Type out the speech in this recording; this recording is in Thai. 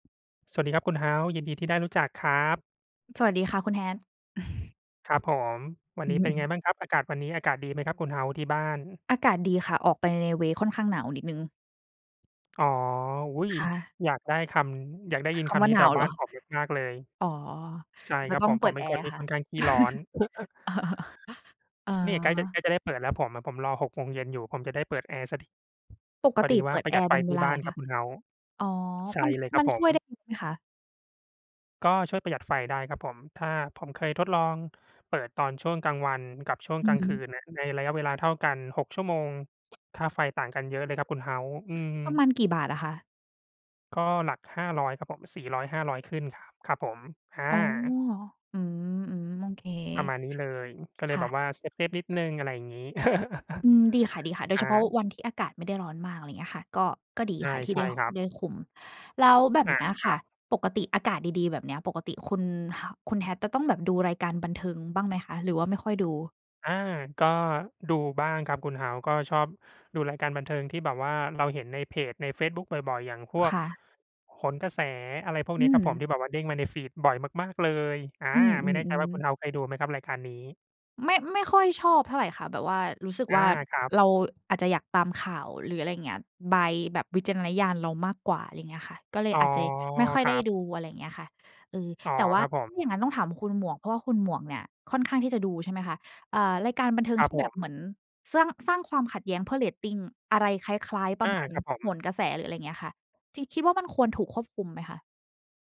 ส สวัสดีครับคุณเฮาส์ ยินดีที่ได้รู้จักครับ สวัสดีค่ะคุณ Hat ครับผม วัอนืนอี้ ฮเป็นไึ งบ้างครับ? อากาศวันนี้ อากาศดีไหมครับคุณเฮ้าส์ที่บ้าน? อากาศดีค่ะ ออกไปใน เวย์ ค่อนข้างหนาวนิดหนึ่ง อ๋อ อุ๊ย ค่ะ อยากได้คำ อยากได้ยินคคำว่ำนีา้หแนถาววเบ้หรานอ? ผมมาก ๆ เลย อ๋อ ช ใช่จคะรับต้อผงม เปผิมดเปแ็นอครน์ที่ค่ะ ค่อนข้างขี้ร้อน อนี่ใกล้จะ ใา กล้จะได้เปิดแล้ว ผมอะผมรอ 18:00 อยู่ ผมจะได้เปิดแอร์สักที ปกพอตดิีวเ่ปา ิดปรแะอหยัดร์ไเฟป็นเทวี่ลาบ้เาหรนอคครัะ? บคุณเฮาส์ อ๋อ ใชมั่น เลยครมัับนผช่ม วยได้เยอะไหมคะ? ก็ช่วยประหยัดไฟได้ครับผม ถ้า ผมเคยทดลองเปิดตอนช่วงกลางวันกับช่วงอืกลอางฮคืึ นอะ ในระยะเวลาเท่ากัน 6 ชั่วโมง ค่าไฟต่างกันเยอะเลยครับ คุณเฮาส์ อืม ประมๆ าณกี่บาทอะคะ? ก็หลัก 500 ครับผม 400-500 ขึ้นครับ ครับผม ออ๋อ า อืม ๆ โอเค ประมาณนี้เลย อือ ก็เคลย่แบบะ ว่าเซฟ ๆ นิดหนึ่ง อะไรอย่างงี้ อืม ดีค่ะ ๆ โดอยเา ฉพาะวันที่อากาศไม่ได้ร้อนมาก อะไรอย่างเงี้ยค่ะ ก็ ก็ดีใช่ ค่ะทีใ่ชไ่ด้ ค ครับ ได้คุม แล้วแบบอเา นี้ยคคร่ัะ บ ปกติอากาศดี ๆ แบบเนี้ย ปกติคุณฮาว คุณ Hat จะต้องแบบดูรายการบันเทิงบ้างไหมคะ? หรือว่า ไม่ค่อยดู? อา ก็ดูบ้างครับ คุณเฮาส์ ก็ชอบดูรายการบันเทิงที่แบบว่าเราเห็นในเพจในเฟซบุ๊ก บ่อย ๆ อย่างพวคก่ะ โหนกระแส อะไรพวกอนี้ืครับผม ทม ี่แบบว่าเด้งมาใน feed บ่อยมาก ๆ เลย อา อืม ไม่แน่ใจว่า คุๆ ณๆ เฮาส์เคยดูไหมครับ รายการนี้? ไม่ ไม่ค่อยชอบเท่าไรค่ะ แบบว่ารู้สึกอวา ่า ครับ เราอาจจะอยากตามข่าว หรืออะไรอย่างเงี้ย ใบ แบบวิจารณญาณเรามากกว่า ไรเงี้ยค่ะ ก็เลอย๋อ อาจจะไม่ค่อยครไดั้บ ดู อะไรอย่างเงี้ยค่ะ เออ อ๋อ แต่ว่คารับผถ้าอม ย่างงั้นต้องถามคุณหมวก เพราะว่าคุณหมวกเนี่ยค่อนข้างที่จะดู ใช่ไหมคะ? เอ่อ รายการบันเทิงครัทบี่ผแบบม เหมือนสร้าง สร้างความขัดแย้งเพื่อเรตติง อะไร คล้าย ๆ ปอระา มาณครับผโหม นกระแส หรืออะไรอย่างเงี้ยค่ะ จริง คิดว่า มันควรถูกควบคุมไหมคะ?